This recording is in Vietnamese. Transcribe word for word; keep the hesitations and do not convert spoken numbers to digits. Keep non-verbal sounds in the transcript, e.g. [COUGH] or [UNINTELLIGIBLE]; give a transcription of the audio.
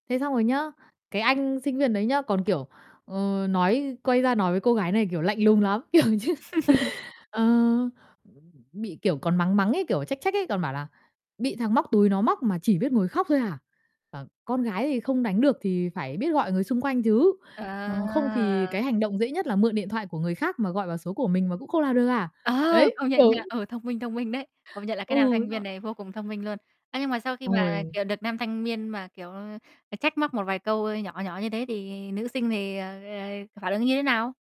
Thế xong rồi nhá, cái anh sinh viên đấy nhá, còn, kiểu, ờ, nói quay ra nói với cô gái này, kiểu, lạnh lùng lắm, kiểu như, [LAUGHS] ờ, bị, kiểu, còn mắng mắng ấy, kiểu, trách trách ấy, còn bảo là "Bị thằng móc túi nó móc mà chỉ biết ngồi khóc thôi à? À, con gái thì không đánh được thì phải biết gọi người xung quanh chứ. Ờ, không À. thì cái hành động dễ nhất là mượn điện thoại của người khác mà gọi vào số của mình mà cũng không làm được à?" Ờ, Đấy, công nhận kiểu nha, ờ, thông minh, thông minh đấy, công nhận là cái nam Ừ. thanh viên [UNINTELLIGIBLE] này vô cùng thông minh luôn. Ơ, nhưng mà sau khi Xong mà, rồi kiểu, được nam thanh miên mà, kiểu, ờ, trách móc một vài câu, ơ, nhỏ nhỏ như thế thì nữ sinh thì, ờ, ờ, phản ứng như thế nào?